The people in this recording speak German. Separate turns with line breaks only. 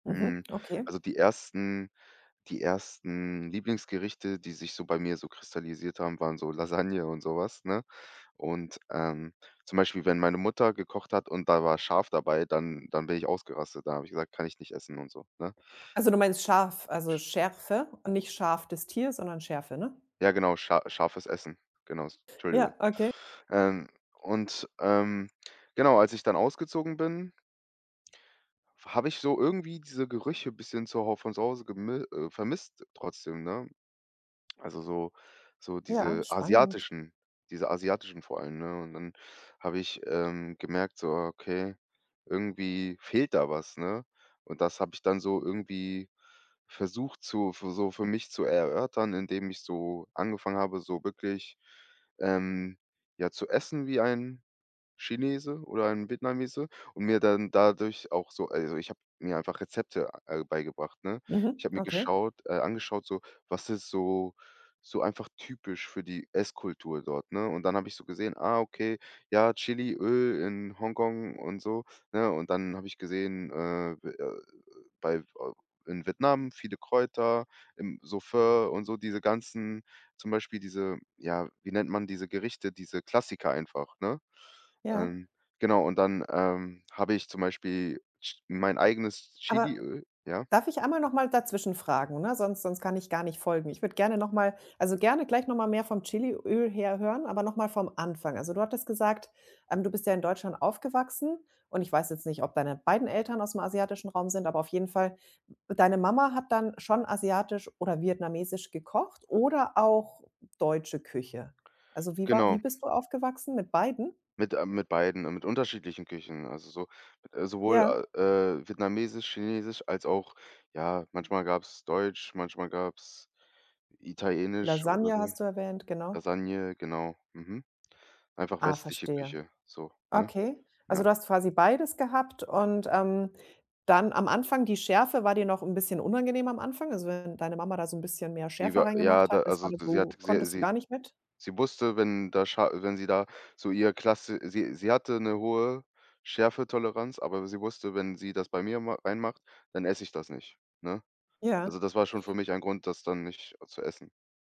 Mhm,
Mmh,
okay.
also die 1. die 1. Lieblingsgerichte, die sich so bei mir so kristallisiert haben, waren so Lasagne und so was, ne? Und, ähm, zum Beispiel, wenn meine Mutter gekocht hat und da war scharf dabei, dann dann bin ich ausgerastet, da habe ich gesagt: „Kann ich nicht essen“, und so, ne?
Also, du meinst scharf, also
Sch
Schärfe und nicht Schaf, des Tier, sondern Schärfe, ne?
Ja genau, scha scharfes Essen, genau,
Ja,
Entschuldigung.
okay.
Ähm, und, ähm, genau, als ich dann ausgezogen bin habe ich so irgendwie diese Gerüche bisschen zu Hau von zu Hause gemi äh, vermisst trotzdem, ne, also so so
Ja,
diese
spannend.
asiatischen diese asiatischen vor allem, ne, und dann habe ich, ähm, gemerkt so: „Okay, irgendwie fehlt da was“, ne? Und das habe ich dann so irgendwie versucht zu so für mich zu erörtern, indem ich so angefangen habe, so wirklich, ähm, ja, zu essen wie ein Chinese oder ein Vietnamese und mir dann dadurch auch so also, ich habe mir einfach Rezepte al beigebracht, ne? Ich
Mhm,
habe mir
okay.
geschaut äh, angeschaut so, was ist so so einfach typisch für die Esskultur dort, ne? Und dann habe ich so gesehen, ah, okay, ja, Chiliöl in Hongkong und so, ne, und dann habe ich gesehen, äh, bei v in Vietnam viele Kräuter, im [unintelligible] und so diese ganzen zum Beispiel diese ja, wie nennt man diese Gerichte, diese Klassiker einfach, ne?
Ja.
Ähm, genau, und dann, ähm, habe ich zum Beispiel Ch mein eigenes
Aber
Chiliöl ja?
darf ich einmal noch mal dazwischen fragen, ne, sonst sonst kann ich gar nicht folgen. Ich würde gerne noch mal also, gerne gleich noch mal mehr vom Chiliöl her hören, aber noch mal vom Anfang. Also, du hattest gesagt, ähm, du bist ja in Deutschland aufgewachsen, und ich weiß jetzt nicht, ob deine beiden Eltern aus'm asiatischen Raum sind, aber auf jeden Fall d deine Mama hat dann schon asiatisch oder vietnamesisch gekocht oder auch deutsche Küche. Also, wie war wie
Genau.
bist du aufgewachsen, mit beiden?
Mit äh, mit beiden mit unterschiedlichen Küchen, also so äh, sowohl,
Ja.
äh, vietnamesisch, chinesisch als auch ja, manchmal gab's deutsch, manchmal gab's italienisch oder
Lasagne
so.
hast du erwähnt, genau.
Lasagne, genau, mhm, einfach
Ah,
westliche
verstehe,
Küche so, ne?
okay.
Ja.
Also, du hast quasi beides gehabt und, ähm, dann am Anfang die Schärfe war dir noch 'nin bisschen unangenehm am Anfang? Also, wenn deine Mama da so 'n bisschen mehr Schärfe
Lieber ja,
reingemacht hat,
da
das war
also,
dir
sie hat
so
sie
konntest du
sie
gar nicht mit?
sie wusste, wenn da scha wenn sie da so ihr Klasse sie sie hatte 'ne hohe Schärfetoleranz, aber sie wusste, wenn sie das bei mir mach reinmacht, dann esse ich das nicht, ne? Also,
Ja.
das war schon für mich ein Grund, das dann nicht zu essen.